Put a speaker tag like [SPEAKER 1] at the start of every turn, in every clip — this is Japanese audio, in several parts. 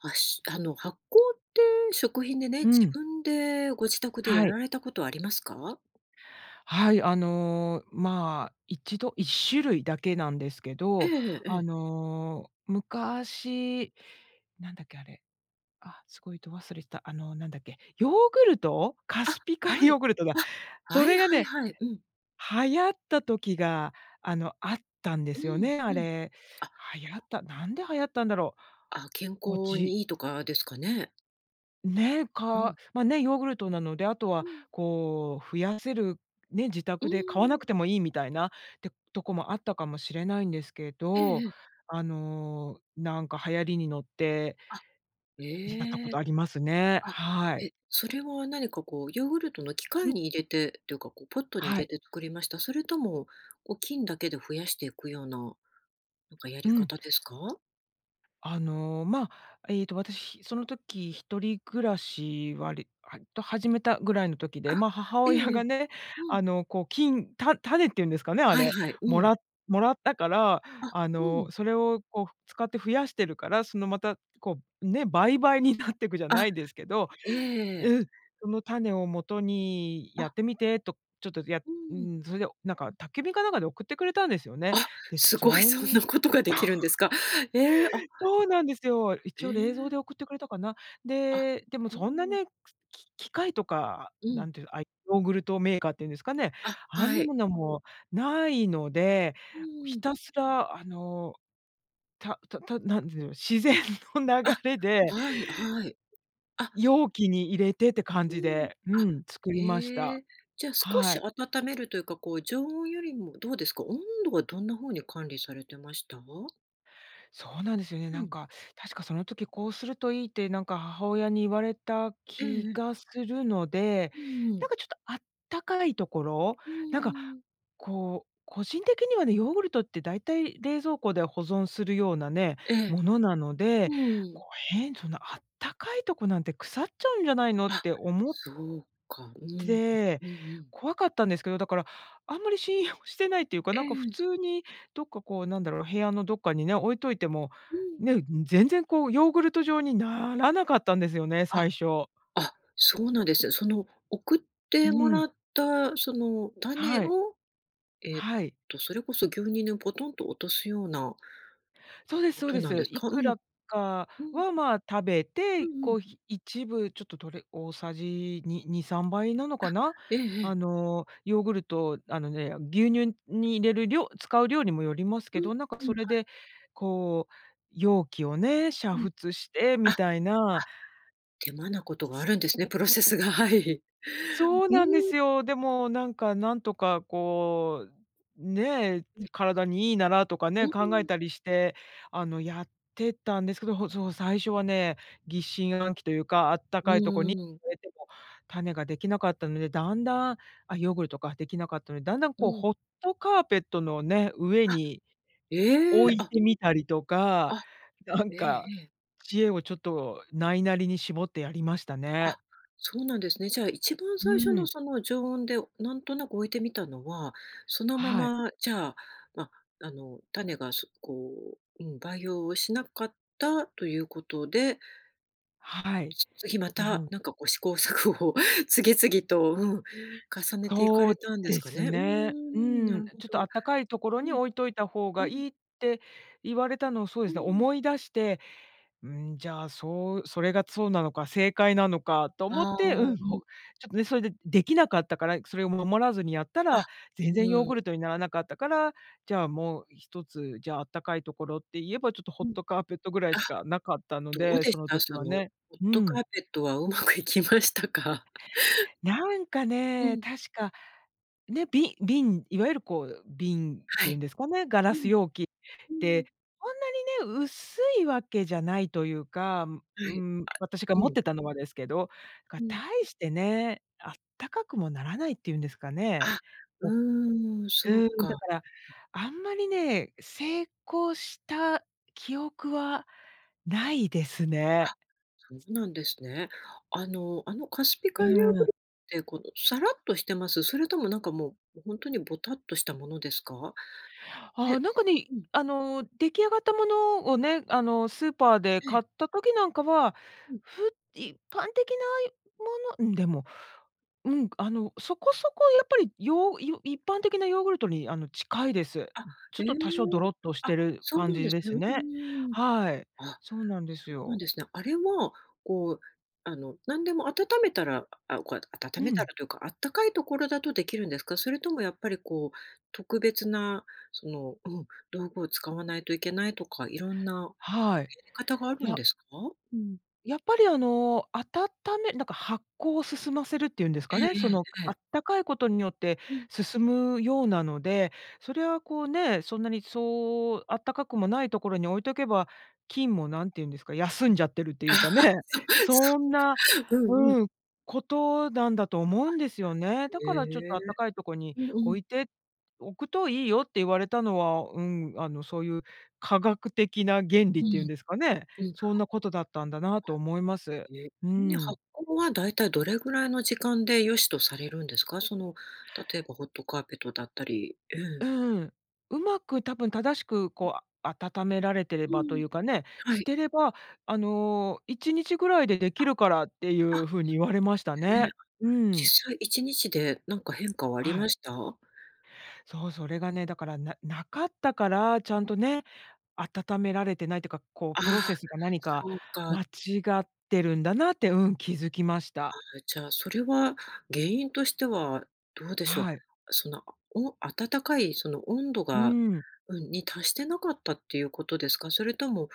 [SPEAKER 1] あしあの発酵って食品でね、
[SPEAKER 2] う
[SPEAKER 1] 自
[SPEAKER 2] ん。
[SPEAKER 1] 分でご自宅でや
[SPEAKER 2] はい。
[SPEAKER 1] られたことありますか？
[SPEAKER 2] はい、あの、まあ1度、1種類だけなんですけ
[SPEAKER 1] ええ
[SPEAKER 2] ど、
[SPEAKER 1] えええ
[SPEAKER 2] あ
[SPEAKER 1] え。
[SPEAKER 2] の、昔、なんだっけあれ、あ、すごいど忘れした。あのなんだっけ。ヨーグルト、カ
[SPEAKER 1] あ、
[SPEAKER 2] スピ海
[SPEAKER 1] は
[SPEAKER 2] ヨ
[SPEAKER 1] い。
[SPEAKER 2] ーグルトだ。
[SPEAKER 1] あ、
[SPEAKER 2] そ
[SPEAKER 1] はい
[SPEAKER 2] れが
[SPEAKER 1] はい
[SPEAKER 2] ね、
[SPEAKER 1] はい。うん。
[SPEAKER 2] 流行った時があの、あったんで
[SPEAKER 1] う
[SPEAKER 2] すよ
[SPEAKER 1] ん
[SPEAKER 2] ね、
[SPEAKER 1] う
[SPEAKER 2] あ
[SPEAKER 1] ん。
[SPEAKER 2] れ。
[SPEAKER 1] あ。
[SPEAKER 2] 流行ったなんで流行ったんだろう。
[SPEAKER 1] あ、健
[SPEAKER 2] こう、
[SPEAKER 1] 康
[SPEAKER 2] じ
[SPEAKER 1] にいいとかですかね。
[SPEAKER 2] ね、
[SPEAKER 1] うー
[SPEAKER 2] か
[SPEAKER 1] ん。
[SPEAKER 2] ま、ね、ヨーグルトなので、あと
[SPEAKER 1] う
[SPEAKER 2] は
[SPEAKER 1] ん。
[SPEAKER 2] こう増やせる、ね、自
[SPEAKER 1] うー
[SPEAKER 2] 宅で買わな
[SPEAKER 1] ん。
[SPEAKER 2] くてもいいみたいなってとこもあったかもしれないんですけ
[SPEAKER 1] ええ
[SPEAKER 2] ど、
[SPEAKER 1] ええ。
[SPEAKER 2] あの、なんか流行りに乗って
[SPEAKER 1] あ、
[SPEAKER 2] やったこ
[SPEAKER 1] え
[SPEAKER 2] と
[SPEAKER 1] え。
[SPEAKER 2] ありますね。
[SPEAKER 1] あ、
[SPEAKER 2] はい。
[SPEAKER 1] え、それは何かこう、ヨーグルトの機
[SPEAKER 2] う
[SPEAKER 1] 械
[SPEAKER 2] ん。
[SPEAKER 1] に入れてっていうか、こうポットに
[SPEAKER 2] は
[SPEAKER 1] 入れ
[SPEAKER 2] い。
[SPEAKER 1] て作りました？それともこう菌だけで増やしていくような、なんかや
[SPEAKER 2] う
[SPEAKER 1] り
[SPEAKER 2] ん。
[SPEAKER 1] 方ですか？
[SPEAKER 2] あの、まあ、えっと私その時一人暮らし、わりはわりと始めたぐらいの時で、
[SPEAKER 1] あ、
[SPEAKER 2] ま、母
[SPEAKER 1] ええ
[SPEAKER 2] 親
[SPEAKER 1] ええ、
[SPEAKER 2] がね、
[SPEAKER 1] うん。
[SPEAKER 2] あのこう、菌た種っていうんですかね、あ
[SPEAKER 1] はい
[SPEAKER 2] れ、
[SPEAKER 1] はい、う
[SPEAKER 2] も
[SPEAKER 1] ん。
[SPEAKER 2] らもらったから、
[SPEAKER 1] あ、
[SPEAKER 2] あ
[SPEAKER 1] う
[SPEAKER 2] の、
[SPEAKER 1] ん。
[SPEAKER 2] それをこうふ使って増やしてるから、そのまた、こう、ね、倍々になってくじゃな
[SPEAKER 1] あ、
[SPEAKER 2] いですけど
[SPEAKER 1] ええ。
[SPEAKER 2] うん。その種をもとにや
[SPEAKER 1] あ。
[SPEAKER 2] ってみてと、ちょっとや
[SPEAKER 1] う
[SPEAKER 2] う
[SPEAKER 1] ん。
[SPEAKER 2] ん、それでなんか宅急便かなんかで送ってくれたんですよね。
[SPEAKER 1] あ、
[SPEAKER 2] で、
[SPEAKER 1] すごい
[SPEAKER 2] そ
[SPEAKER 1] そん
[SPEAKER 2] ん
[SPEAKER 1] なことができるんですか？ええ、あ、は
[SPEAKER 2] そうなんですよ。
[SPEAKER 1] い。
[SPEAKER 2] 一
[SPEAKER 1] へ
[SPEAKER 2] 応冷蔵
[SPEAKER 1] え。
[SPEAKER 2] で送ってくれたかな。
[SPEAKER 1] あ、
[SPEAKER 2] で、でも
[SPEAKER 1] うー
[SPEAKER 2] そんな
[SPEAKER 1] ん。
[SPEAKER 2] ね、くき機械とか、
[SPEAKER 1] うん。
[SPEAKER 2] 何ていう、あいヨーグルトメーカーっていうんですかね、
[SPEAKER 1] あ、
[SPEAKER 2] あん
[SPEAKER 1] は
[SPEAKER 2] な
[SPEAKER 1] い。
[SPEAKER 2] ものもないので、
[SPEAKER 1] うー
[SPEAKER 2] ひ
[SPEAKER 1] ん。
[SPEAKER 2] たすらあの、たたた何でだろう自然の
[SPEAKER 1] あ、
[SPEAKER 2] 流れで
[SPEAKER 1] はいはい。あ。
[SPEAKER 2] 容器に入れてって感
[SPEAKER 1] うー
[SPEAKER 2] じ
[SPEAKER 1] ん、
[SPEAKER 2] で、う
[SPEAKER 1] あ、
[SPEAKER 2] ん、作りました。
[SPEAKER 1] え。じゃ少
[SPEAKER 2] は
[SPEAKER 1] し
[SPEAKER 2] い。
[SPEAKER 1] 温めるというか、こう常温よりもどうですか？温度はどんな風に管理されてました？
[SPEAKER 2] そうなんですよね。
[SPEAKER 1] う
[SPEAKER 2] なん
[SPEAKER 1] ん。
[SPEAKER 2] か、確かその時「こうするといい」ってなんか母親に言われた
[SPEAKER 1] ええ
[SPEAKER 2] 気
[SPEAKER 1] ええ。
[SPEAKER 2] がするので、
[SPEAKER 1] うんう
[SPEAKER 2] な
[SPEAKER 1] ん。
[SPEAKER 2] んかちょっとあったかいところ？
[SPEAKER 1] う
[SPEAKER 2] なんか、
[SPEAKER 1] ーん。
[SPEAKER 2] こう、個人的にはね、ヨーグルトってだいたい冷蔵庫で保存するようなね、
[SPEAKER 1] ええ。
[SPEAKER 2] ものなの
[SPEAKER 1] う
[SPEAKER 2] で、
[SPEAKER 1] ーん。
[SPEAKER 2] こう、へんそんなあったかいとこなんて腐っちゃうんじゃないのっ
[SPEAKER 1] あ、
[SPEAKER 2] て思
[SPEAKER 1] そうか、う
[SPEAKER 2] っ
[SPEAKER 1] ん。
[SPEAKER 2] て、
[SPEAKER 1] うんうん。
[SPEAKER 2] 怖かったんですけど、だから、あんまり信用してないっていうか、
[SPEAKER 1] え
[SPEAKER 2] なんか普
[SPEAKER 1] え。
[SPEAKER 2] 通にどっかこうなんだろう、部屋のどっかにね、置いといても、
[SPEAKER 1] うん。
[SPEAKER 2] ね、うん、全然こうヨーグルト状にならなかったんですよね、
[SPEAKER 1] あ。
[SPEAKER 2] 最初。
[SPEAKER 1] あ、そうなんですよ。その送っ
[SPEAKER 2] う
[SPEAKER 1] ても
[SPEAKER 2] ー
[SPEAKER 1] ら
[SPEAKER 2] ん。
[SPEAKER 1] ったその種
[SPEAKER 2] はい。
[SPEAKER 1] を、えっ
[SPEAKER 2] はい。
[SPEAKER 1] とそれこそ牛乳にぽとんと落とすような
[SPEAKER 2] そうです
[SPEAKER 1] こ
[SPEAKER 2] そう
[SPEAKER 1] と
[SPEAKER 2] で
[SPEAKER 1] なんで
[SPEAKER 2] す。
[SPEAKER 1] す
[SPEAKER 2] い
[SPEAKER 1] か？う
[SPEAKER 2] く
[SPEAKER 1] ん。
[SPEAKER 2] らか
[SPEAKER 1] うん。
[SPEAKER 2] はまあ食べ
[SPEAKER 1] う
[SPEAKER 2] て、
[SPEAKER 1] んうん。
[SPEAKER 2] こうひ一部ちょっととれ大さじ、に2、3倍なの
[SPEAKER 1] あ。
[SPEAKER 2] かな？
[SPEAKER 1] えええ
[SPEAKER 2] あ
[SPEAKER 1] え。
[SPEAKER 2] の、ヨーグルトあのね、牛乳に入れる量使う量にもよります
[SPEAKER 1] う
[SPEAKER 2] け
[SPEAKER 1] ん
[SPEAKER 2] ど、なんか
[SPEAKER 1] うん。は
[SPEAKER 2] それ
[SPEAKER 1] い。
[SPEAKER 2] でこう、容器をね、煮
[SPEAKER 1] うん。
[SPEAKER 2] 沸して
[SPEAKER 1] あ、
[SPEAKER 2] み
[SPEAKER 1] は
[SPEAKER 2] たい
[SPEAKER 1] あ。
[SPEAKER 2] な。
[SPEAKER 1] 手間なことがあるんですね、プロセスが、はい。
[SPEAKER 2] そう
[SPEAKER 1] う
[SPEAKER 2] なんで
[SPEAKER 1] ん。
[SPEAKER 2] すよ。でもなんかなんとかこう、ね、
[SPEAKER 1] うん。
[SPEAKER 2] 体にいいならとか
[SPEAKER 1] う
[SPEAKER 2] ね、
[SPEAKER 1] ー
[SPEAKER 2] 考え
[SPEAKER 1] ん。
[SPEAKER 2] たりして、あの、やってたんですけど、ほそう、最初はね、疑心暗鬼というか、あった
[SPEAKER 1] う
[SPEAKER 2] かいとこに
[SPEAKER 1] ーん。
[SPEAKER 2] 植えても種ができなかったので、だんだんあ、ヨーグルトかできなかったので、だんだん
[SPEAKER 1] う
[SPEAKER 2] こう
[SPEAKER 1] ん。
[SPEAKER 2] ホットカーペットのね、上
[SPEAKER 1] あ。
[SPEAKER 2] に
[SPEAKER 1] え
[SPEAKER 2] 置
[SPEAKER 1] え、
[SPEAKER 2] い
[SPEAKER 1] あ。
[SPEAKER 2] てみたりとか、
[SPEAKER 1] あ、
[SPEAKER 2] なん
[SPEAKER 1] ええ
[SPEAKER 2] か、
[SPEAKER 1] ええ。
[SPEAKER 2] 知恵をちょっとないなりに絞ってやりましたね。
[SPEAKER 1] あ、そうなんですね。じゃあ、一番
[SPEAKER 2] う
[SPEAKER 1] 最初の
[SPEAKER 2] ん。
[SPEAKER 1] その常温で、なんとなく置いてみたのは、そのま
[SPEAKER 2] はい。
[SPEAKER 1] ま、じゃあ、ま、あの、種が、すこう、うん、培養をしなかったということで
[SPEAKER 2] はい。
[SPEAKER 1] つ次ま
[SPEAKER 2] な
[SPEAKER 1] た、
[SPEAKER 2] ん
[SPEAKER 1] なんかこう試行錯誤、次々と、うん、重ねていか
[SPEAKER 2] そう
[SPEAKER 1] れたんです
[SPEAKER 2] で
[SPEAKER 1] か
[SPEAKER 2] す
[SPEAKER 1] ね。うー
[SPEAKER 2] ね。う
[SPEAKER 1] ん、な
[SPEAKER 2] ん、
[SPEAKER 1] るほ
[SPEAKER 2] あ、「ちょっとあ
[SPEAKER 1] ど。
[SPEAKER 2] ったかいところ
[SPEAKER 1] う
[SPEAKER 2] に
[SPEAKER 1] ん。
[SPEAKER 2] 置いといた方
[SPEAKER 1] う
[SPEAKER 2] が
[SPEAKER 1] ん。
[SPEAKER 2] いい」って言われたのをそう
[SPEAKER 1] う
[SPEAKER 2] ですね、
[SPEAKER 1] ーん。
[SPEAKER 2] 思い出して、うん、じゃあそうそれがそうなのか、正解なのかと思っ
[SPEAKER 1] あ
[SPEAKER 2] て、う
[SPEAKER 1] あ、
[SPEAKER 2] ん、
[SPEAKER 1] う
[SPEAKER 2] ほ
[SPEAKER 1] ん。
[SPEAKER 2] ちょっとね、それでできなかったから、それを守らずにやった
[SPEAKER 1] あ、
[SPEAKER 2] ら、全
[SPEAKER 1] う
[SPEAKER 2] 然ヨーグ
[SPEAKER 1] ーん。
[SPEAKER 2] ルトにならなかったから、じゃあもうひとつ、じゃああったかいところって言えばちょっとホ
[SPEAKER 1] う
[SPEAKER 2] ッ
[SPEAKER 1] ん。
[SPEAKER 2] トカーペットぐらい
[SPEAKER 1] あ、
[SPEAKER 2] しかなかったの
[SPEAKER 1] どう
[SPEAKER 2] で、
[SPEAKER 1] で
[SPEAKER 2] そ
[SPEAKER 1] し
[SPEAKER 2] の
[SPEAKER 1] た？
[SPEAKER 2] 時
[SPEAKER 1] そ
[SPEAKER 2] は
[SPEAKER 1] のホ
[SPEAKER 2] ね。
[SPEAKER 1] ッ
[SPEAKER 2] う
[SPEAKER 1] トカ
[SPEAKER 2] ん。
[SPEAKER 1] ーペットはうまくいきましたか？
[SPEAKER 2] なんか
[SPEAKER 1] う
[SPEAKER 2] ね、
[SPEAKER 1] ん。
[SPEAKER 2] 確か、ね、び瓶、いわゆるこう、瓶っ
[SPEAKER 1] は
[SPEAKER 2] ていうん
[SPEAKER 1] い。
[SPEAKER 2] ですかね。ガ
[SPEAKER 1] う
[SPEAKER 2] ラ
[SPEAKER 1] ん。
[SPEAKER 2] ス容器
[SPEAKER 1] うー
[SPEAKER 2] で、
[SPEAKER 1] ん。
[SPEAKER 2] そんなにね、薄いわけじゃないというか、ん
[SPEAKER 1] は
[SPEAKER 2] う
[SPEAKER 1] い、
[SPEAKER 2] ん、私が
[SPEAKER 1] う
[SPEAKER 2] 持っ
[SPEAKER 1] ん。
[SPEAKER 2] てたのはですけど。なんか、
[SPEAKER 1] う
[SPEAKER 2] た
[SPEAKER 1] ん。
[SPEAKER 2] いしてね、あったかくもならないっていうんですかね。
[SPEAKER 1] あ、う
[SPEAKER 2] お
[SPEAKER 1] ーん、そ
[SPEAKER 2] う
[SPEAKER 1] う
[SPEAKER 2] ん。だ
[SPEAKER 1] か。
[SPEAKER 2] から、あんまりね、成功した記憶はないですね。
[SPEAKER 1] あ、そうなんですね。あのあのカスピ
[SPEAKER 2] う
[SPEAKER 1] 海ヨーグ
[SPEAKER 2] ん。
[SPEAKER 1] ルってこのさらっとしてます？それともなんかもう本当にボタっとしたものですか？
[SPEAKER 2] あ、
[SPEAKER 1] で
[SPEAKER 2] なんかね、
[SPEAKER 1] うん。
[SPEAKER 2] あの出来上がったものをね、あの、スーパーで
[SPEAKER 1] ええ。
[SPEAKER 2] 買った時なんかは、
[SPEAKER 1] うん。
[SPEAKER 2] ふ一般的ないものうん。でもうん、あのそこそこやっぱりヨヨ一般的なヨーグルトにあの近いです。
[SPEAKER 1] あ、
[SPEAKER 2] ちょ
[SPEAKER 1] へ
[SPEAKER 2] っ
[SPEAKER 1] え。
[SPEAKER 2] と多少ドロッとし
[SPEAKER 1] あ、
[SPEAKER 2] てる
[SPEAKER 1] そう
[SPEAKER 2] 感
[SPEAKER 1] なん
[SPEAKER 2] じ
[SPEAKER 1] です
[SPEAKER 2] で
[SPEAKER 1] ね。う
[SPEAKER 2] す
[SPEAKER 1] ん
[SPEAKER 2] ね。
[SPEAKER 1] うんうん。
[SPEAKER 2] はい。
[SPEAKER 1] あ、
[SPEAKER 2] そうなんです
[SPEAKER 1] そうなん
[SPEAKER 2] よ。
[SPEAKER 1] ですね。あれは、こう、あの、何でも温めたらあ、こや温
[SPEAKER 2] う
[SPEAKER 1] めた
[SPEAKER 2] ん。
[SPEAKER 1] らというか、温かいところだとできるんですか？それともやっぱりこう、特別なそのうん、道具を使わないといけないとか、色んな
[SPEAKER 2] はい。
[SPEAKER 1] やり方があ
[SPEAKER 2] い
[SPEAKER 1] るん
[SPEAKER 2] や
[SPEAKER 1] ですか？うん。
[SPEAKER 2] やっぱりあの、温めなんか発酵を進ませるっていうんです
[SPEAKER 1] え
[SPEAKER 2] か
[SPEAKER 1] ええ
[SPEAKER 2] ね、その、
[SPEAKER 1] ええ
[SPEAKER 2] あ
[SPEAKER 1] え。
[SPEAKER 2] ったかいことによって
[SPEAKER 1] うん。
[SPEAKER 2] 進むようなので、それはこうね、そんなにそうあったかくもないところに置いとけば、菌もなんて言うんですか、休んじゃってるっていうかね。
[SPEAKER 1] そそ
[SPEAKER 2] そん
[SPEAKER 1] っ
[SPEAKER 2] な
[SPEAKER 1] か。うんうん。
[SPEAKER 2] うんことなんだと思うんですよね。だからちょっ
[SPEAKER 1] へえ、
[SPEAKER 2] とあったかいとこに
[SPEAKER 1] うんうん。
[SPEAKER 2] 置いておくといいよって言われたのは、うん、あのそういう科学的な原理
[SPEAKER 1] う
[SPEAKER 2] っていう
[SPEAKER 1] ん。
[SPEAKER 2] んですかね、
[SPEAKER 1] うん。
[SPEAKER 2] そんなことだったんだなと思います。
[SPEAKER 1] え、
[SPEAKER 2] う
[SPEAKER 1] んね
[SPEAKER 2] ん。
[SPEAKER 1] 発酵はだいたいどれぐらいの時間で良しとされるんですか？その、例えばホットカーペットだったり、うん。
[SPEAKER 2] うん、うまく多分正しくこうあ温められてれ
[SPEAKER 1] う
[SPEAKER 2] ばと
[SPEAKER 1] ん。
[SPEAKER 2] いうかね、
[SPEAKER 1] は
[SPEAKER 2] し
[SPEAKER 1] い。
[SPEAKER 2] てれば、あの1日ぐらいでできるからってい
[SPEAKER 1] あ、
[SPEAKER 2] う風に言われました
[SPEAKER 1] え、
[SPEAKER 2] ね。うん。
[SPEAKER 1] 実際1日でなんか変化はあり
[SPEAKER 2] は
[SPEAKER 1] ま
[SPEAKER 2] い。
[SPEAKER 1] した？
[SPEAKER 2] そう、それがね、だからななかったから、ちゃんとね、温められてないっていうか、こう
[SPEAKER 1] あ
[SPEAKER 2] プロ
[SPEAKER 1] あ、
[SPEAKER 2] セスが何か
[SPEAKER 1] そうか。
[SPEAKER 2] 間違ってるんだなって、うん、気づきました。
[SPEAKER 1] ああ、じゃあそれは原因としてはどうでしょう。
[SPEAKER 2] はい。
[SPEAKER 1] その、お温かいその温度
[SPEAKER 2] う
[SPEAKER 1] が
[SPEAKER 2] ん。
[SPEAKER 1] うん、に達してなかったっていうことですか？それとも、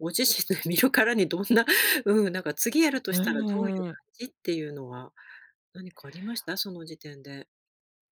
[SPEAKER 1] ご自身で、見るからにどんなうん、なんか次やると
[SPEAKER 2] う
[SPEAKER 1] したらどういう
[SPEAKER 2] ー
[SPEAKER 1] 感
[SPEAKER 2] ん。
[SPEAKER 1] じっていうのは何かありました？その時点で。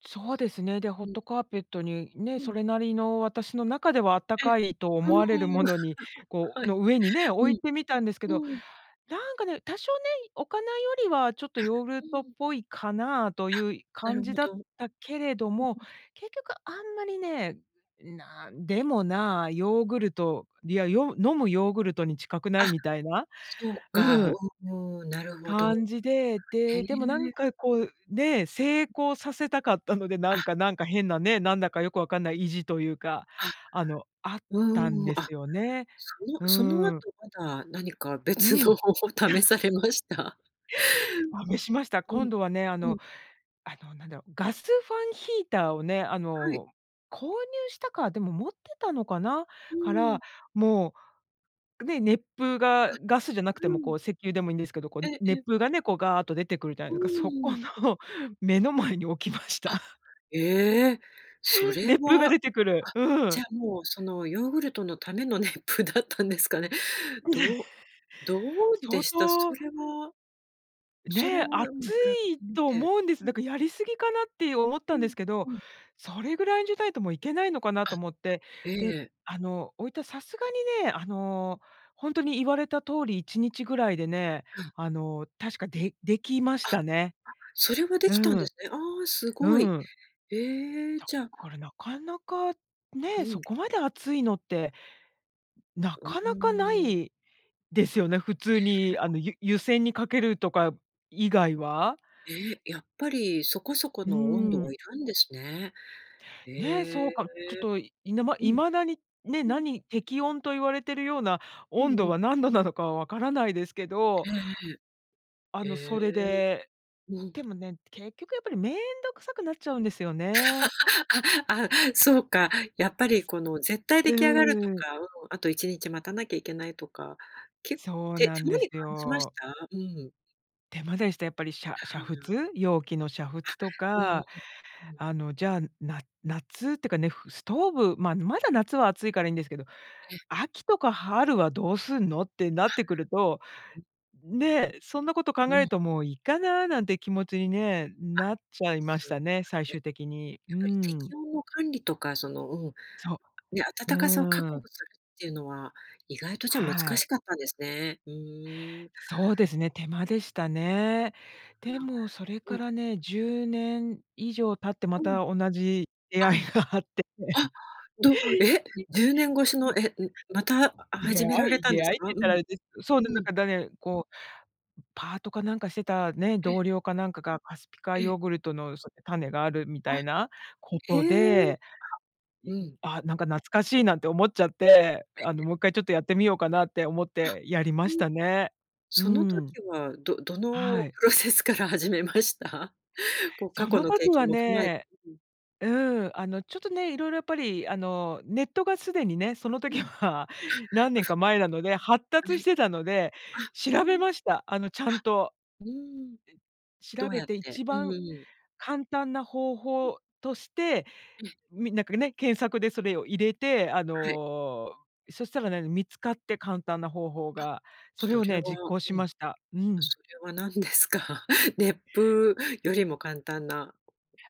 [SPEAKER 2] そうですね。で、ホッ
[SPEAKER 1] うん。
[SPEAKER 2] トカーペットに、ね、
[SPEAKER 1] う
[SPEAKER 2] そ
[SPEAKER 1] ん。
[SPEAKER 2] れなりの私の中ではあった
[SPEAKER 1] ええ。
[SPEAKER 2] かいと
[SPEAKER 1] う
[SPEAKER 2] 思
[SPEAKER 1] ん。
[SPEAKER 2] われるものに、こ
[SPEAKER 1] は
[SPEAKER 2] う
[SPEAKER 1] い
[SPEAKER 2] の上にね、
[SPEAKER 1] う
[SPEAKER 2] 置いてみたんですけど、
[SPEAKER 1] んうん。
[SPEAKER 2] なんかね、多少ね、置かないよりはちょっと
[SPEAKER 1] あ、
[SPEAKER 2] ヨーグルトっ
[SPEAKER 1] うん。
[SPEAKER 2] ぽいかなあとい
[SPEAKER 1] あ、
[SPEAKER 2] うい
[SPEAKER 1] な
[SPEAKER 2] 感
[SPEAKER 1] るほ
[SPEAKER 2] じだ
[SPEAKER 1] ど。
[SPEAKER 2] っ
[SPEAKER 1] うん
[SPEAKER 2] たけれど
[SPEAKER 1] う
[SPEAKER 2] も、
[SPEAKER 1] ん。
[SPEAKER 2] 結局あんまりね、なんでもな、ヨーグルト、いや、よ飲むヨーグルトに近くない？
[SPEAKER 1] あ、
[SPEAKER 2] みたいな、
[SPEAKER 1] そう
[SPEAKER 2] う
[SPEAKER 1] か、う
[SPEAKER 2] ん。
[SPEAKER 1] ーん、なるほど。
[SPEAKER 2] 感じで、
[SPEAKER 1] へ
[SPEAKER 2] で、でもなん
[SPEAKER 1] え。
[SPEAKER 2] かこう、ね、成功させたかったので、な
[SPEAKER 1] あ。
[SPEAKER 2] んかなんか変なね、なんだかよくわかんない意地というか、
[SPEAKER 1] あ、
[SPEAKER 2] あのあったん
[SPEAKER 1] うん、
[SPEAKER 2] です
[SPEAKER 1] あ、
[SPEAKER 2] よね。
[SPEAKER 1] その
[SPEAKER 2] う
[SPEAKER 1] その後
[SPEAKER 2] ん。
[SPEAKER 1] まだ何か
[SPEAKER 2] う
[SPEAKER 1] 別の
[SPEAKER 2] ん。
[SPEAKER 1] 方法試されました？
[SPEAKER 2] あ、めしました。
[SPEAKER 1] うん、
[SPEAKER 2] 今度はね、あ
[SPEAKER 1] うん。
[SPEAKER 2] のあのなんだろ、ガスファンヒーターをね、あ
[SPEAKER 1] はい。
[SPEAKER 2] の購入したか、でも持ってたのかな、
[SPEAKER 1] う
[SPEAKER 2] か
[SPEAKER 1] ん。
[SPEAKER 2] ら、もう、ね、熱風
[SPEAKER 1] あ、
[SPEAKER 2] がガスじゃなくて
[SPEAKER 1] う
[SPEAKER 2] もこ
[SPEAKER 1] ん。
[SPEAKER 2] う石油でもいいんですけど、こう
[SPEAKER 1] え、
[SPEAKER 2] ね
[SPEAKER 1] え。
[SPEAKER 2] 熱風がね、こうガーっと出てくるじゃ。
[SPEAKER 1] う
[SPEAKER 2] [unintelligible] そこ
[SPEAKER 1] ん。
[SPEAKER 2] の目の前に置きました。
[SPEAKER 1] あ、ええ、そ れ
[SPEAKER 2] 熱風が
[SPEAKER 1] は、
[SPEAKER 2] 出てくる。
[SPEAKER 1] あ、
[SPEAKER 2] う
[SPEAKER 1] じ
[SPEAKER 2] ん。
[SPEAKER 1] ゃあもうそのヨーグルトのための熱風だったんですかね。どうど うで
[SPEAKER 2] 相
[SPEAKER 1] した？そ
[SPEAKER 2] 当
[SPEAKER 1] れは。それ
[SPEAKER 2] ね、
[SPEAKER 1] を
[SPEAKER 2] 熱
[SPEAKER 1] 比べて
[SPEAKER 2] い
[SPEAKER 1] み
[SPEAKER 2] と
[SPEAKER 1] て、
[SPEAKER 2] 思うんです。
[SPEAKER 1] う
[SPEAKER 2] だ
[SPEAKER 1] ん。
[SPEAKER 2] からやりすぎかなって思っ
[SPEAKER 1] う
[SPEAKER 2] たんで
[SPEAKER 1] ん
[SPEAKER 2] すけど、
[SPEAKER 1] うん。
[SPEAKER 2] それぐらいじゃないともういけないのかな
[SPEAKER 1] あ、
[SPEAKER 2] と思って、
[SPEAKER 1] え
[SPEAKER 2] で、
[SPEAKER 1] え。
[SPEAKER 2] あの置いたさすがにね、あの本当に言われた通り1日ぐらいでね、
[SPEAKER 1] うん。
[SPEAKER 2] あの確かでできま
[SPEAKER 1] あ、
[SPEAKER 2] し
[SPEAKER 1] あ、
[SPEAKER 2] たね。
[SPEAKER 1] それはできたん
[SPEAKER 2] う
[SPEAKER 1] で
[SPEAKER 2] ん。
[SPEAKER 1] すね。あ、すご
[SPEAKER 2] う
[SPEAKER 1] い、
[SPEAKER 2] ん。
[SPEAKER 1] え、
[SPEAKER 2] だ
[SPEAKER 1] じゃあ
[SPEAKER 2] からなかなか
[SPEAKER 1] う
[SPEAKER 2] ね、そ
[SPEAKER 1] ん。
[SPEAKER 2] こまで熱いのって、な
[SPEAKER 1] うー
[SPEAKER 2] かなかな
[SPEAKER 1] ん。
[SPEAKER 2] いですよね、普通
[SPEAKER 1] へ
[SPEAKER 2] に
[SPEAKER 1] え。
[SPEAKER 2] あのゆ湯煎にかけるとか以外は。
[SPEAKER 1] へえ、やっぱりそこそこ
[SPEAKER 2] う
[SPEAKER 1] の温度は
[SPEAKER 2] ん。
[SPEAKER 1] いるんですね。へ
[SPEAKER 2] ね、そう
[SPEAKER 1] え。
[SPEAKER 2] か、ちょっといぬま
[SPEAKER 1] う
[SPEAKER 2] い
[SPEAKER 1] ん。
[SPEAKER 2] まだに、ね、
[SPEAKER 1] うん。
[SPEAKER 2] 何、適温と言われてるような
[SPEAKER 1] う
[SPEAKER 2] 温
[SPEAKER 1] んう
[SPEAKER 2] 度
[SPEAKER 1] ん。
[SPEAKER 2] は何度なのかはわからないですけど、
[SPEAKER 1] え
[SPEAKER 2] あ
[SPEAKER 1] えええ。
[SPEAKER 2] の
[SPEAKER 1] へ
[SPEAKER 2] それ
[SPEAKER 1] え、
[SPEAKER 2] で、
[SPEAKER 1] うん。
[SPEAKER 2] でもね、結局やっぱり面倒くさくなっちゃうんですよね。
[SPEAKER 1] あ、あ、そうか、やっぱりこの絶対
[SPEAKER 2] う
[SPEAKER 1] 出来上がると
[SPEAKER 2] ーん。
[SPEAKER 1] か、うん、あと1日待たなきゃいけないとか、けっ
[SPEAKER 2] そう
[SPEAKER 1] て
[SPEAKER 2] なん
[SPEAKER 1] そんな
[SPEAKER 2] で
[SPEAKER 1] に
[SPEAKER 2] す
[SPEAKER 1] 感じまし
[SPEAKER 2] よ。
[SPEAKER 1] た？うん。
[SPEAKER 2] 手間でした、やっぱり。しゃ
[SPEAKER 1] ふ
[SPEAKER 2] 煮
[SPEAKER 1] ーん。
[SPEAKER 2] 沸？容器の煮
[SPEAKER 1] あ、
[SPEAKER 2] 沸と
[SPEAKER 1] うん、
[SPEAKER 2] か、
[SPEAKER 1] うん。
[SPEAKER 2] あの、じゃあ、な夏ってかね、ふストーブまあ、まだ夏は暑いからいいんですけど、
[SPEAKER 1] え。
[SPEAKER 2] 秋とか春はどうすんの？ってなってくると
[SPEAKER 1] あ。
[SPEAKER 2] ね、そんなこと考
[SPEAKER 1] う
[SPEAKER 2] える
[SPEAKER 1] ん。
[SPEAKER 2] と「もういいかな」なんて気持ちにね、
[SPEAKER 1] あ。
[SPEAKER 2] なっちゃいまし
[SPEAKER 1] そ
[SPEAKER 2] た
[SPEAKER 1] うか。
[SPEAKER 2] ね、最
[SPEAKER 1] ね。
[SPEAKER 2] 終的に。う
[SPEAKER 1] や
[SPEAKER 2] ー
[SPEAKER 1] っぱり
[SPEAKER 2] ん。
[SPEAKER 1] 適温の管理とか、そのうん、
[SPEAKER 2] そ
[SPEAKER 1] ね、
[SPEAKER 2] う。
[SPEAKER 1] 暖かさを確
[SPEAKER 2] う
[SPEAKER 1] 保
[SPEAKER 2] ーん。
[SPEAKER 1] するっていうのは意外と、じゃ、難
[SPEAKER 2] はい。
[SPEAKER 1] しかったんですね。うーん。
[SPEAKER 2] そうですね、手間でしたね。で
[SPEAKER 1] ああ。
[SPEAKER 2] もそれ
[SPEAKER 1] う
[SPEAKER 2] か
[SPEAKER 1] ん。
[SPEAKER 2] らね、10年以上経って、ま
[SPEAKER 1] うん。
[SPEAKER 2] た同じ出会いがあって
[SPEAKER 1] あ。あど
[SPEAKER 2] て
[SPEAKER 1] え？10年越し
[SPEAKER 2] う
[SPEAKER 1] の えうまた
[SPEAKER 2] 出
[SPEAKER 1] 始
[SPEAKER 2] 会
[SPEAKER 1] められ
[SPEAKER 2] い？
[SPEAKER 1] たん
[SPEAKER 2] 出
[SPEAKER 1] です
[SPEAKER 2] 会いって
[SPEAKER 1] か？う
[SPEAKER 2] 言ったらあ
[SPEAKER 1] ん。
[SPEAKER 2] れですそう、な
[SPEAKER 1] う
[SPEAKER 2] んだ
[SPEAKER 1] ん。
[SPEAKER 2] か、だねこう、パートかなんかしてたね、
[SPEAKER 1] え。
[SPEAKER 2] 同僚かなんかが、カスピ海
[SPEAKER 1] え。
[SPEAKER 2] ヨーグルトのその種があるみ
[SPEAKER 1] あ。
[SPEAKER 2] たいなこと
[SPEAKER 1] へえ。あ。
[SPEAKER 2] で、い
[SPEAKER 1] うん。
[SPEAKER 2] あなんか懐かしいなんて思っちゃって、
[SPEAKER 1] え
[SPEAKER 2] あ
[SPEAKER 1] え。
[SPEAKER 2] の、もっかいちょっとやってみようかなって思っ
[SPEAKER 1] あ。
[SPEAKER 2] てやりま
[SPEAKER 1] う
[SPEAKER 2] し
[SPEAKER 1] ん。
[SPEAKER 2] たね。うー
[SPEAKER 1] その
[SPEAKER 2] ん。
[SPEAKER 1] 時はどどの
[SPEAKER 2] はい。
[SPEAKER 1] プロセスから始めました？こう、過
[SPEAKER 2] そ
[SPEAKER 1] 去
[SPEAKER 2] の
[SPEAKER 1] の
[SPEAKER 2] とき
[SPEAKER 1] 経
[SPEAKER 2] は
[SPEAKER 1] 験も踏まえて
[SPEAKER 2] ね、
[SPEAKER 1] うん。
[SPEAKER 2] うん、あのちょっとね、色々やっぱりあのネットが既にね、その
[SPEAKER 1] う
[SPEAKER 2] 時
[SPEAKER 1] ん。
[SPEAKER 2] は
[SPEAKER 1] あ、
[SPEAKER 2] 何年
[SPEAKER 1] ふ。
[SPEAKER 2] か前なので発
[SPEAKER 1] は
[SPEAKER 2] 達し
[SPEAKER 1] い。
[SPEAKER 2] てたので、
[SPEAKER 1] あ、うー
[SPEAKER 2] 調べ
[SPEAKER 1] ん。は。
[SPEAKER 2] ました、あの、ちゃんと。
[SPEAKER 1] うーん。
[SPEAKER 2] 調
[SPEAKER 1] どう
[SPEAKER 2] べ
[SPEAKER 1] やっ
[SPEAKER 2] て、
[SPEAKER 1] て、
[SPEAKER 2] 一
[SPEAKER 1] う
[SPEAKER 2] 番
[SPEAKER 1] ーん。
[SPEAKER 2] 簡単な方
[SPEAKER 1] うん。
[SPEAKER 2] 法として、
[SPEAKER 1] え。
[SPEAKER 2] みなんかね、検索でそれを入れて、あ
[SPEAKER 1] はい。
[SPEAKER 2] の、そしたらね、見つかって簡単な方法
[SPEAKER 1] あ。
[SPEAKER 2] が、それ
[SPEAKER 1] そ
[SPEAKER 2] を
[SPEAKER 1] れは、
[SPEAKER 2] ね、実行し
[SPEAKER 1] うん。
[SPEAKER 2] ました、うん。
[SPEAKER 1] それは何ですか？熱風よりも簡単な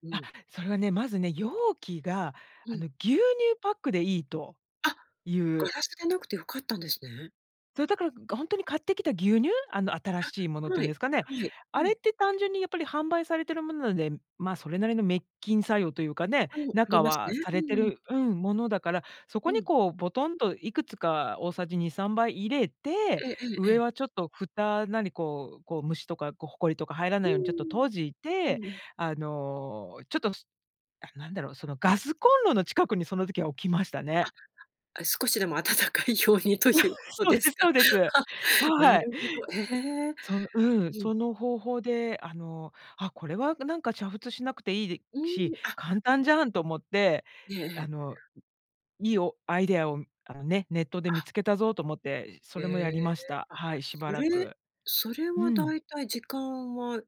[SPEAKER 1] う
[SPEAKER 2] あ、
[SPEAKER 1] ん。
[SPEAKER 2] それはね、まずね、容器が
[SPEAKER 1] う
[SPEAKER 2] あの、
[SPEAKER 1] ん。
[SPEAKER 2] 牛乳パックでいいと
[SPEAKER 1] あ！
[SPEAKER 2] い
[SPEAKER 1] ガ
[SPEAKER 2] う
[SPEAKER 1] ラスでなくて、良かったんですね。
[SPEAKER 2] そうだから、本当に買ってきた牛乳、あの新しいもの
[SPEAKER 1] あ、
[SPEAKER 2] ってい
[SPEAKER 1] は
[SPEAKER 2] うん
[SPEAKER 1] い、
[SPEAKER 2] ですかね、
[SPEAKER 1] はい。う
[SPEAKER 2] あ
[SPEAKER 1] ん。
[SPEAKER 2] れって単純にやっぱり販売されているものなので、まそれなりの滅菌作用というかね、
[SPEAKER 1] うん、あり
[SPEAKER 2] 中
[SPEAKER 1] ますね。
[SPEAKER 2] はさ
[SPEAKER 1] う
[SPEAKER 2] れて
[SPEAKER 1] んうん。
[SPEAKER 2] る、うん、ものだから、そ
[SPEAKER 1] う
[SPEAKER 2] こに
[SPEAKER 1] ん。
[SPEAKER 2] こうボトンといくつか大さじ2、3杯入れて、
[SPEAKER 1] えええええ
[SPEAKER 2] 上
[SPEAKER 1] え。
[SPEAKER 2] はちょっと蓋なりこう、こう虫とかこうほこりとか入ら
[SPEAKER 1] う
[SPEAKER 2] な
[SPEAKER 1] ー
[SPEAKER 2] いようにちょっと
[SPEAKER 1] ん。
[SPEAKER 2] 閉じ
[SPEAKER 1] う
[SPEAKER 2] て、
[SPEAKER 1] んうん。
[SPEAKER 2] あの、ちょっと、なんだろう、そのガスコンロの近くにその時は置きましたね。
[SPEAKER 1] あ、少しでも温かいようにというこ と
[SPEAKER 2] そう
[SPEAKER 1] で
[SPEAKER 2] で
[SPEAKER 1] す
[SPEAKER 2] す、
[SPEAKER 1] か。
[SPEAKER 2] そうです。
[SPEAKER 1] は、な
[SPEAKER 2] はい。
[SPEAKER 1] るほど、え。
[SPEAKER 2] そのうん、
[SPEAKER 1] うん。
[SPEAKER 2] その方法であのあこれはなんか煮沸しなくていい
[SPEAKER 1] う
[SPEAKER 2] し、
[SPEAKER 1] ん、あ。
[SPEAKER 2] 簡単じゃんと思って、
[SPEAKER 1] ええ
[SPEAKER 2] あ
[SPEAKER 1] ええ。
[SPEAKER 2] のいいおアイデアをあのね、ネットで
[SPEAKER 1] あ。
[SPEAKER 2] 見つけたぞと思って、そ
[SPEAKER 1] へ
[SPEAKER 2] れもやり
[SPEAKER 1] え、
[SPEAKER 2] ました。
[SPEAKER 1] あ、
[SPEAKER 2] はい、しば
[SPEAKER 1] そ
[SPEAKER 2] ら
[SPEAKER 1] れ、
[SPEAKER 2] く。
[SPEAKER 1] それ
[SPEAKER 2] う
[SPEAKER 1] は
[SPEAKER 2] ん。
[SPEAKER 1] 大体時間は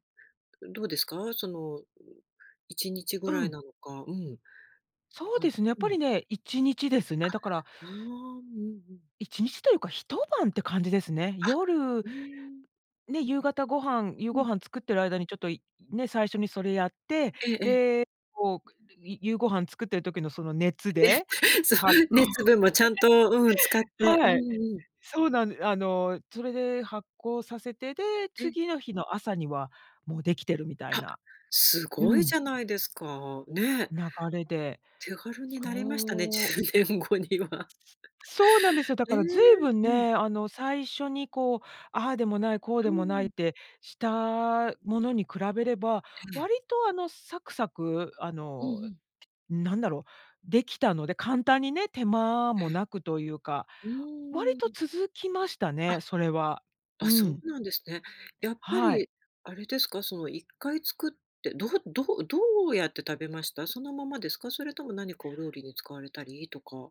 [SPEAKER 1] どうですか？その1日ぐ
[SPEAKER 2] う
[SPEAKER 1] らい
[SPEAKER 2] ん。
[SPEAKER 1] なのか、うん、
[SPEAKER 2] そう
[SPEAKER 1] はい、
[SPEAKER 2] ですね、やっ
[SPEAKER 1] う
[SPEAKER 2] ぱ
[SPEAKER 1] ん。
[SPEAKER 2] りね1日です
[SPEAKER 1] あ。
[SPEAKER 2] ね。だから。
[SPEAKER 1] ああ、うんうん。
[SPEAKER 2] 1日というか、一晩って感じですね。
[SPEAKER 1] あ、
[SPEAKER 2] 夜。
[SPEAKER 1] うーん。
[SPEAKER 2] ね、夕方ご飯、夕
[SPEAKER 1] う
[SPEAKER 2] ご
[SPEAKER 1] ん。
[SPEAKER 2] 飯作ってる間にちょっとね、最初にそれやって、
[SPEAKER 1] ええええ。
[SPEAKER 2] で、こう夕ご飯作ってる時のその熱
[SPEAKER 1] ね、
[SPEAKER 2] で
[SPEAKER 1] そう
[SPEAKER 2] 発酵。
[SPEAKER 1] 熱分もちゃんとうん使 って、う
[SPEAKER 2] はい。
[SPEAKER 1] んうん。
[SPEAKER 2] そうなん。あのそれで発酵させて、で、
[SPEAKER 1] え。
[SPEAKER 2] 次の日の朝にはもうできてるみたい
[SPEAKER 1] あ、
[SPEAKER 2] な。
[SPEAKER 1] す
[SPEAKER 2] う
[SPEAKER 1] ごい
[SPEAKER 2] ん。
[SPEAKER 1] じゃないですか、ね。
[SPEAKER 2] 流れで、
[SPEAKER 1] 手軽になりましたね、
[SPEAKER 2] そう。
[SPEAKER 1] 10年後には。
[SPEAKER 2] そうなんですよ。だ
[SPEAKER 1] え
[SPEAKER 2] か
[SPEAKER 1] え、
[SPEAKER 2] らずいぶん
[SPEAKER 1] うん。
[SPEAKER 2] ね、あの最初にこう、ああでもないこう
[SPEAKER 1] う
[SPEAKER 2] でもないっ
[SPEAKER 1] ん。
[SPEAKER 2] てしたものに比べれば、
[SPEAKER 1] ええ。
[SPEAKER 2] 割とあのサクサクあ
[SPEAKER 1] うんう
[SPEAKER 2] の
[SPEAKER 1] ん。
[SPEAKER 2] なんだろう、できたので、簡単にね、手間
[SPEAKER 1] え
[SPEAKER 2] も
[SPEAKER 1] え。
[SPEAKER 2] なくというか、
[SPEAKER 1] う
[SPEAKER 2] 割
[SPEAKER 1] ー
[SPEAKER 2] と
[SPEAKER 1] ん。
[SPEAKER 2] 続きました
[SPEAKER 1] あ。
[SPEAKER 2] ね、それは。
[SPEAKER 1] あ、
[SPEAKER 2] う
[SPEAKER 1] そ
[SPEAKER 2] ん。
[SPEAKER 1] うなんですね。やっぱ
[SPEAKER 2] はい。
[SPEAKER 1] りあれですか、その一回作って、どうどうどうやって食べました？そのままですか？それとも何かお料理に使われたりとか。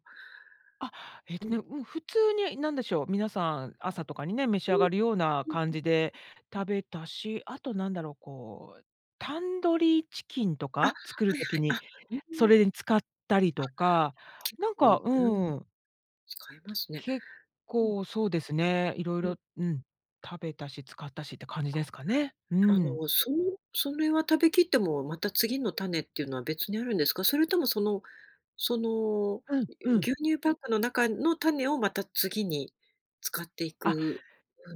[SPEAKER 2] あ、えと
[SPEAKER 1] うん。
[SPEAKER 2] ね、うん、普通に何でしょう、皆さん、朝とかにね、召し
[SPEAKER 1] う
[SPEAKER 2] 上
[SPEAKER 1] ん。
[SPEAKER 2] がるような
[SPEAKER 1] うん
[SPEAKER 2] 感
[SPEAKER 1] うん。
[SPEAKER 2] じで食べたし、あとなんだろう、こう、タンドリーチキンと
[SPEAKER 1] あ、は
[SPEAKER 2] か作る
[SPEAKER 1] いは
[SPEAKER 2] 時
[SPEAKER 1] い。
[SPEAKER 2] に、
[SPEAKER 1] あ、うー
[SPEAKER 2] そ
[SPEAKER 1] ん。
[SPEAKER 2] れに使ったり
[SPEAKER 1] あ。
[SPEAKER 2] とか、なん
[SPEAKER 1] お、
[SPEAKER 2] か、
[SPEAKER 1] ゆん。
[SPEAKER 2] うん。
[SPEAKER 1] 使えますね。
[SPEAKER 2] 結
[SPEAKER 1] うん。
[SPEAKER 2] 構そうですね。色
[SPEAKER 1] うん。
[SPEAKER 2] 々、うん、食べたし、使ったしって感じ
[SPEAKER 1] あ。
[SPEAKER 2] ですかね。う
[SPEAKER 1] あ
[SPEAKER 2] ん。
[SPEAKER 1] の、そそれは食べ切ってもまた次の種っていうのは別にあるんですか？それとも、そのその、
[SPEAKER 2] うんうん。
[SPEAKER 1] 牛乳パックの中の種をまた次に使ってい
[SPEAKER 2] あ。
[SPEAKER 1] く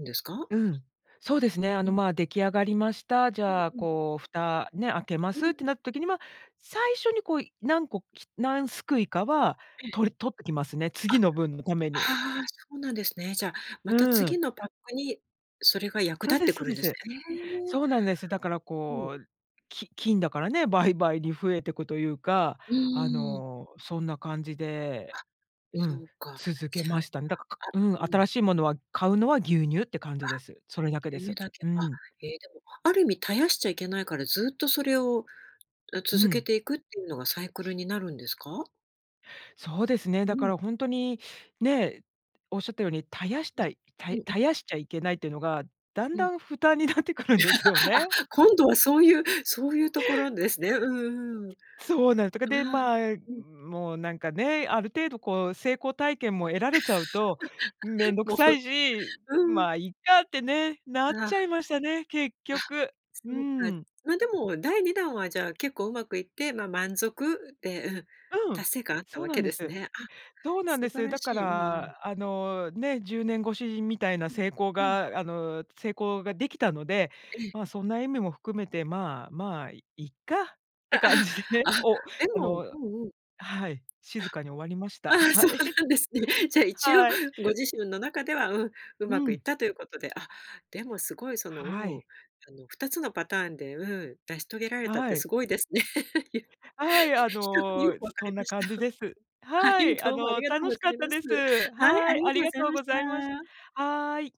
[SPEAKER 1] んですか？
[SPEAKER 2] うん。そうですね、あの
[SPEAKER 1] うん。
[SPEAKER 2] ま出来上がりました、じ
[SPEAKER 1] うん
[SPEAKER 2] ゃあ、
[SPEAKER 1] うん。
[SPEAKER 2] こう、蓋、ね、開けま
[SPEAKER 1] うんう
[SPEAKER 2] すって
[SPEAKER 1] ん。
[SPEAKER 2] なった時には、最初にこう何個何すくいかは
[SPEAKER 1] ええ。
[SPEAKER 2] とり取ってきますね。次
[SPEAKER 1] あ。
[SPEAKER 2] の分のために。
[SPEAKER 1] あ、そうなんですね。じゃあ、また
[SPEAKER 2] うん。
[SPEAKER 1] 次のパックにそれが役
[SPEAKER 2] そ
[SPEAKER 1] 立
[SPEAKER 2] う
[SPEAKER 1] っ
[SPEAKER 2] で
[SPEAKER 1] て
[SPEAKER 2] す、そ
[SPEAKER 1] く
[SPEAKER 2] う
[SPEAKER 1] るん
[SPEAKER 2] で
[SPEAKER 1] です
[SPEAKER 2] す。
[SPEAKER 1] ね。
[SPEAKER 2] そうなんです。だから
[SPEAKER 1] ほう。
[SPEAKER 2] こう、き菌だからね、倍々に増えてくというか、
[SPEAKER 1] う
[SPEAKER 2] あ
[SPEAKER 1] ーん。
[SPEAKER 2] の、そんな感じで、
[SPEAKER 1] あ。
[SPEAKER 2] う
[SPEAKER 1] そ
[SPEAKER 2] ん、
[SPEAKER 1] うか、あ、
[SPEAKER 2] 続け
[SPEAKER 1] じゃあ、
[SPEAKER 2] ましたね。だから、うん、
[SPEAKER 1] うん。
[SPEAKER 2] 新しいものは買うのは牛乳って感
[SPEAKER 1] あ。
[SPEAKER 2] じです。それだけで
[SPEAKER 1] 牛乳
[SPEAKER 2] す。
[SPEAKER 1] だけ。
[SPEAKER 2] う
[SPEAKER 1] あ、
[SPEAKER 2] ん。
[SPEAKER 1] え、でも、ある意味絶やしちゃいけないから、ずっとそれを
[SPEAKER 2] う
[SPEAKER 1] 続け
[SPEAKER 2] ん。
[SPEAKER 1] ていくっていうのがサイクルになるんですか？
[SPEAKER 2] そうですね、
[SPEAKER 1] う
[SPEAKER 2] だか
[SPEAKER 1] ん。
[SPEAKER 2] ら本当に、ね、おっしゃったように、絶やしたい、た
[SPEAKER 1] うん、あ。
[SPEAKER 2] 絶やしちゃいけないっていうのが、だん
[SPEAKER 1] うん。
[SPEAKER 2] だん負担になってくるんですよね。
[SPEAKER 1] あ、今度はそういう、そういうところですね。うんうん。うん。
[SPEAKER 2] そうなんです、でま
[SPEAKER 1] うん。
[SPEAKER 2] もうなんかね、ある程度こう成功体験も得られちゃうと、めんどく
[SPEAKER 1] も
[SPEAKER 2] さ
[SPEAKER 1] う、
[SPEAKER 2] いし、
[SPEAKER 1] うん。
[SPEAKER 2] まいいかってね、なっ
[SPEAKER 1] あ
[SPEAKER 2] ち
[SPEAKER 1] あ。
[SPEAKER 2] ゃいましたね、結
[SPEAKER 1] あ。
[SPEAKER 2] 局。う
[SPEAKER 1] そうか。
[SPEAKER 2] ん。
[SPEAKER 1] までも、第二弾はじゃあ結構うまくいって、ま、満足で、うん、
[SPEAKER 2] うん、
[SPEAKER 1] 達成感あった
[SPEAKER 2] そう
[SPEAKER 1] わ
[SPEAKER 2] な
[SPEAKER 1] け
[SPEAKER 2] んで
[SPEAKER 1] です
[SPEAKER 2] す。
[SPEAKER 1] ね。あ、
[SPEAKER 2] そうなんで
[SPEAKER 1] 素晴
[SPEAKER 2] す。
[SPEAKER 1] ら
[SPEAKER 2] だか
[SPEAKER 1] しい。うんうん。
[SPEAKER 2] らあのね10年超しみたいな
[SPEAKER 1] うん
[SPEAKER 2] 成功
[SPEAKER 1] うん。
[SPEAKER 2] があの、成功ができたので、
[SPEAKER 1] ええ。
[SPEAKER 2] まそんな意味も含めてまあまあいっかっ
[SPEAKER 1] あ
[SPEAKER 2] て感じでね、
[SPEAKER 1] あ、あ、
[SPEAKER 2] お、
[SPEAKER 1] で
[SPEAKER 2] あ
[SPEAKER 1] も、
[SPEAKER 2] の
[SPEAKER 1] うんうん。
[SPEAKER 2] はい、静かに終わりまし
[SPEAKER 1] あ。
[SPEAKER 2] た。
[SPEAKER 1] あ、そ
[SPEAKER 2] は
[SPEAKER 1] う
[SPEAKER 2] い。
[SPEAKER 1] なんですね。じゃあ一応
[SPEAKER 2] はい。
[SPEAKER 1] ご自身の中では、うん、う
[SPEAKER 2] う
[SPEAKER 1] まくい
[SPEAKER 2] ん。
[SPEAKER 1] ったということで、あ、でもすごいその
[SPEAKER 2] は
[SPEAKER 1] う
[SPEAKER 2] い。
[SPEAKER 1] ん、あの2つのパターンで、うん、成し遂げられたっ
[SPEAKER 2] は
[SPEAKER 1] て
[SPEAKER 2] い。
[SPEAKER 1] すごいですね。
[SPEAKER 2] はい、あ
[SPEAKER 1] よよ
[SPEAKER 2] の、
[SPEAKER 1] く分か
[SPEAKER 2] そ
[SPEAKER 1] り
[SPEAKER 2] んな
[SPEAKER 1] まし
[SPEAKER 2] 感じ
[SPEAKER 1] た。
[SPEAKER 2] です。
[SPEAKER 1] は
[SPEAKER 2] は
[SPEAKER 1] い、
[SPEAKER 2] い、あ
[SPEAKER 1] どうもあり
[SPEAKER 2] の
[SPEAKER 1] がとう
[SPEAKER 2] 楽
[SPEAKER 1] ご
[SPEAKER 2] し
[SPEAKER 1] ざ
[SPEAKER 2] かっ
[SPEAKER 1] い
[SPEAKER 2] た
[SPEAKER 1] ます。
[SPEAKER 2] です。
[SPEAKER 1] はい、あ
[SPEAKER 2] はい、
[SPEAKER 1] りが
[SPEAKER 2] あ
[SPEAKER 1] と
[SPEAKER 2] り
[SPEAKER 1] うご
[SPEAKER 2] が
[SPEAKER 1] ざい
[SPEAKER 2] とう
[SPEAKER 1] ま
[SPEAKER 2] ご
[SPEAKER 1] し
[SPEAKER 2] ざいます。
[SPEAKER 1] た。
[SPEAKER 2] はい。